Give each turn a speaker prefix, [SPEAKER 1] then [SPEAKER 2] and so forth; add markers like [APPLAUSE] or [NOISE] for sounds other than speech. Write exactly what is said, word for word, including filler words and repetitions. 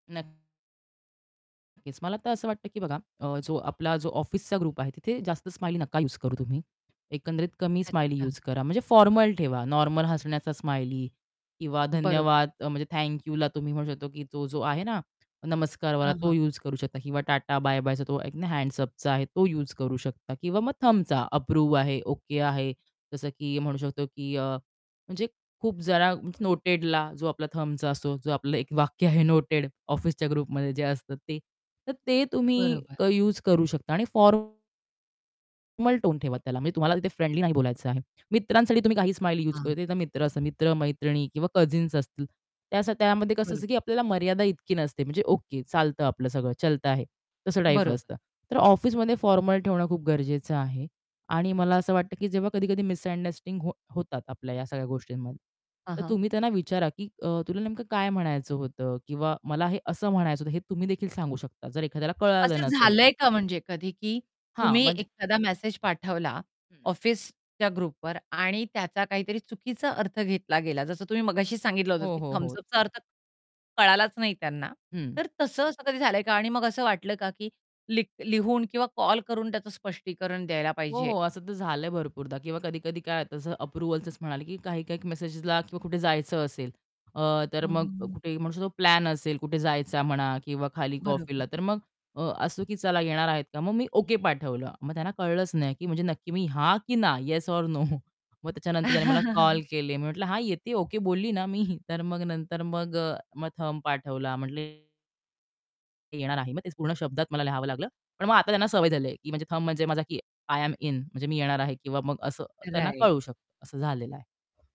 [SPEAKER 1] नक्कीच. मला तर असं वाटतं की बघा अ, जो आपला जो ऑफिसचा ग्रुप आहे तिथे जास्त स्माइली नका युज करू तुम्ही. एकंदरीत कमी स्माइली
[SPEAKER 2] अच्छा.
[SPEAKER 1] युज करा म्हणजे फॉर्मल ठेवा. नॉर्मल हसण्याचा स्माइली किंवा
[SPEAKER 2] बरोबर.
[SPEAKER 1] धन्यवाद अ, म्हणजे थँक यूला तुम्ही म्हणू शकतो की तो जो आहे ना, नमस्कारवाला
[SPEAKER 2] हां,
[SPEAKER 1] तो
[SPEAKER 2] हां.
[SPEAKER 1] युज करू शकता किंवा टाटा, बाय-बायचा तो एक ना हँड्स अपचा आहे तो युज करू शकता किंवा मग थंबचा अप्रूव्ह आहे, ओके आहे. जसं की म्हणू शकतो की अ, म्हणजे खूप जरा नोटेडला जो आपला थंबचा असो जो आपलं एक वाक्य आहे नोटेड ऑफिसच्या ग्रुपमध्ये जे असतं ते तर ते तुम्ही
[SPEAKER 2] बरोबर.
[SPEAKER 1] क युज करू शकता आणि फॉर्मल टोन ठेवा त्याला म्हणजे तुम्हाला तिथे फ्रेंडली नाही बोलायचं आहे. मित्रांसाठी तुम्ही काही स्माईल युज
[SPEAKER 2] हां.
[SPEAKER 1] करू ते मित्र असतात मित्र-मैत्रिणी किंवा कझिन्स असतील. त्या त्यामध्ये कसं
[SPEAKER 2] बरो
[SPEAKER 1] असतं की आपल्याला मर्यादा इतकी नसते म्हणजे ओके चालतं आपलं सगळं. चलता है. तसं टाइप
[SPEAKER 2] बरोबर.
[SPEAKER 1] असतं. तर ऑफिसमध्ये फॉर्मल ठेवणं खूप गरजेचं आहे. आणि मला असं वाटतं की जेव्हा कधी-कधी मिसअंडस्टींग हो होतात आपल्या ह्या सगळ्या गोष्टींमध्ये.
[SPEAKER 2] हां,
[SPEAKER 1] तर
[SPEAKER 2] हां.
[SPEAKER 1] तुम्ही त्यांना विचारा की अ, "तुला नेमकं काय म्हणायचं होतं?" किंवा "मला हे असं म्हणायचं होतं." हे तुम्ही देखील सांगू शकता जर एखाद्याला कळालं
[SPEAKER 2] असं
[SPEAKER 1] नसेल तर.
[SPEAKER 2] झालंय का म्हणजे कधी की
[SPEAKER 1] हां,
[SPEAKER 2] तुम्ही
[SPEAKER 1] म्हणजे
[SPEAKER 2] एखादा मेसेज पाठवला
[SPEAKER 1] हं.
[SPEAKER 2] ऑफिसच्या ग्रुपवर आणि त्याचा काहीतरी चुकीचा अर्थ घेतला गेला, जसं तुम्ही मगाशी सांगितलं होतं
[SPEAKER 1] हो,
[SPEAKER 2] की
[SPEAKER 1] हो,
[SPEAKER 2] थंब्स
[SPEAKER 1] हो.
[SPEAKER 2] अपचा अर्थ कळालाच नाही त्यांना.
[SPEAKER 1] हं.
[SPEAKER 2] तर तसं असं कधी झालंय का आणि मग असं वाटलं का की लि लिहून किंवा कॉल करून त्याचं स्पष्टीकरण द्यायला
[SPEAKER 1] हो,
[SPEAKER 2] पाहिजे?
[SPEAKER 1] हो. असं तर झालंय भरपूरदा किंवा कधी-कधी काय तसं अप्रूव्हलचंच म्हणाले की काही-काही मेसेजेसला किंवा कुठे जायचं असेल अ, तर
[SPEAKER 2] हं, हं,
[SPEAKER 1] मग
[SPEAKER 2] हं.
[SPEAKER 1] कुठे म्हणू शकू तो प्लॅन असेल, कुठे जायचा म्हणा किंवा खाली
[SPEAKER 2] बरोबर.
[SPEAKER 1] कॉफीला तर मग अ, असतो की "चला येणार आहेत का?" मग मी ओके पाठवलं. मग त्यांना कळलंच नाही, की म्हणजे नक्की मी "हां की ना?" "Yes or no?" [CHUCKLES] मग त्याच्यानंतर त्याने मला कॉल
[SPEAKER 2] [CHUCKLES]
[SPEAKER 1] केले. मी म्हटलं, "हां, येते ओके बोलली ना मी" [CHUCKLES] तर मग नंतर मग अ, मग थंब पाठवला म्हणले ते येणार आहे. मग तेच पूर्ण शब्दात मला लिहावं लागलं. पण मग आता त्यांना सवय झाली आहे की म्हणजे थंब म्हणजे माझा की आय एम इन म्हणजे मी येणार आहे किंवा मग असं त्यांना
[SPEAKER 2] राइट.
[SPEAKER 1] कळू शकतं असं झालेलं आहे.